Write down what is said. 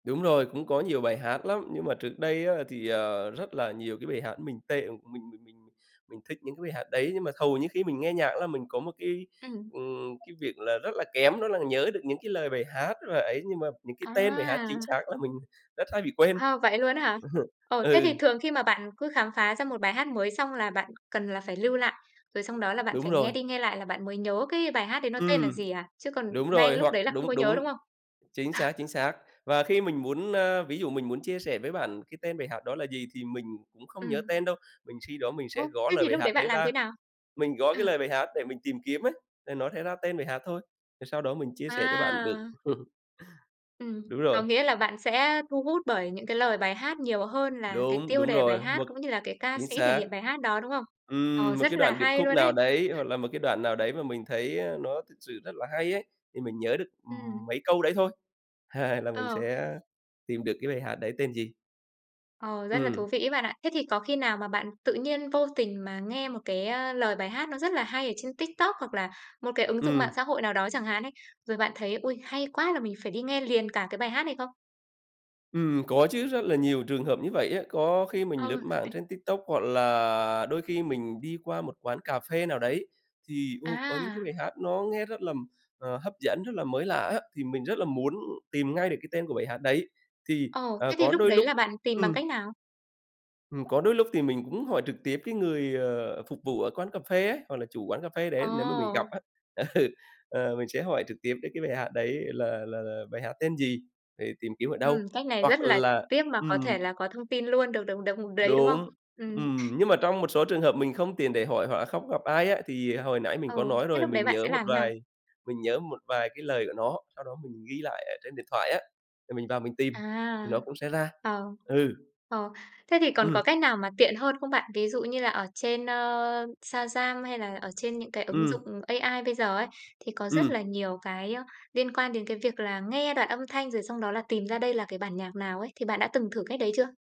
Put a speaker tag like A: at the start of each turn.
A: Đúng rồi, cũng có nhiều bài hát lắm, nhưng mà trước đây á thì, ờ, rất là nhiều cái bài hát mình tệ, mình mình mình mình thích những cái bài hát đấy, nhưng mà hầu như khi mình nghe nhạc ấy là mình có một cái,
B: Ừm.
A: ừm, cái việc là rất là kém, đó là nhớ được những cái lời bài hát và ấy, nhưng mà những cái tên bài hát chính
B: À!
A: xác là mình rất hay bị quên.
B: Ha, vậy luôn á hả? Ồ, thế thì
A: Ừ.
B: thường khi mà bạn cứ khám phá ra một bài hát mới xong là bạn cần là phải lưu lại, rồi xong đó là bạn
A: Đúng
B: phải
A: rồi.
B: nghe đi nghe lại là bạn mới nhớ cái bài hát đấy nó tên là
A: Ừm,
B: gì à? Chứ còn
A: đúng
B: ngay
A: rồi,
B: lúc
A: hoặc
B: đấy là không có
A: đúng,
B: nhớ,
A: đúng,
B: đúng không?
A: chính
B: À.
A: xác, chính xác. Và khi mình muốn, a, ví dụ mình muốn chia sẻ với bạn cái tên bài hát đó là gì, thì mình cũng không nhớ
B: Ừm.
A: tên đâu, mình suy đoán mình
B: Ô,
A: sẽ gõ
B: thế
A: lời
B: thì
A: bài
B: lúc
A: hát
B: đấy bạn
A: đấy
B: làm thế
A: ra,
B: nào?
A: mình gõ
B: Ờ.
A: cái lời bài hát để mình tìm kiếm ấy, thì nó sẽ ra tên bài hát thôi, rồi sau đó mình chia sẻ cho bạn được.
B: À! Ừm,
A: Đúng
B: có
A: rồi.
B: nghĩa là bạn sẽ, a, thu hút bởi những cái lời bài hát nhiều hơn là cái
A: Đúng,
B: tiêu
A: đúng
B: đề bài
A: rồi,
B: hát,
A: một
B: cũng như là cái ca
A: chính
B: sĩ thể
A: xác.
B: hiện bài hát đó, đúng không? Ờ,
A: Ừm, một
B: rất
A: cái
B: là
A: đoạn điệp
B: hay
A: khúc
B: luôn
A: nào
B: đấy.
A: đấy, hoặc là một cái đoạn nào đấy mà mình thấy, á, nó thật sự rất là hay ấy, thì mình nhớ được,
B: Ừm.
A: ừm, mấy câu đấy thôi, hai là mình
B: Ờ.
A: sẽ tìm được cái bài hát đấy tên gì.
B: Ờ, rất là thú
A: Ừm.
B: vị ấy bạn ạ. Thế thì có khi nào mà bạn tự nhiên vô tình mà nghe một cái, a, lời bài hát nó rất là hay ở trên TikTok hoặc là một cái ứng dụng mạng
A: Ừm.
B: xã hội nào đó chẳng hạn ấy, rồi bạn thấy, ui, hay quá, là mình phải đi nghe liền cả cái bài hát này không?
A: Ừm, có chứ, rất là nhiều trường hợp như vậy á. Có khi mình
B: Ờ,
A: lướt mạng
B: ấy.
A: trên TikTok, hoặc là đôi khi mình đi qua một quán cà phê nào đấy, thì, ô, có những cái
B: À.
A: bài hát nó nghe rất là, ờ, hấp dẫn, rất là mới lạ á, thì mình rất là muốn tìm ngay được cái tên của bài hát đấy. Thì,
B: Ồ,
A: à,
B: thế thì
A: có
B: lúc
A: đôi
B: đấy
A: lúc
B: là bạn tìm bằng
A: ừm.
B: cách nào?
A: Ừm. Có đôi lúc thì mình cũng hỏi trực tiếp cái người, ờ, phục vụ ở quán cà phê ấy, hoặc là chủ quán cà phê đấy nếu mà mình gặp
B: Ồ.
A: á. Ừ, ờ, mình sẽ hỏi trực tiếp đấy, cái bài hát đấy là là là bài hát tên gì, để tìm kiếm ở đâu,
B: Ừm, cách này
A: hoặc
B: rất là trực
A: là
B: tiếp mà có thể
A: ừm.
B: là có thông tin luôn được được được, ừm, đấy, đúng không?
A: Đúng,
B: Ừm.
A: ừm, nhưng mà trong một số trường hợp mình không tiện để hỏi hoặc là không gặp ai á, thì hồi nãy mình có
B: Ừ,
A: nói
B: thế
A: rồi.
B: lúc đấy
A: Mình
B: bạn
A: nhớ
B: sẽ
A: một
B: làm thế nào?
A: vài mình nhớ một vài cái lời của nó, sau đó mình ghi lại ở trên điện thoại á, thì mình vào mình tìm thì
B: À,
A: nó cũng sẽ ra.
B: ờ.
A: Ừ.
B: Ờ, thế thì còn có
A: Ừm.
B: cách nào mà tiện hơn không bạn? Ví dụ như là ở trên, a, Shazam hay là ở trên những cái ứng
A: Ừm.
B: dụng AI bây giờ ấy, thì có rất
A: Ừm.
B: là nhiều cái, a, liên quan đến cái việc là nghe đoạn âm thanh rồi xong đó là tìm ra đây là cái bản nhạc nào ấy. Thì bạn đã từng thử cách đấy chưa?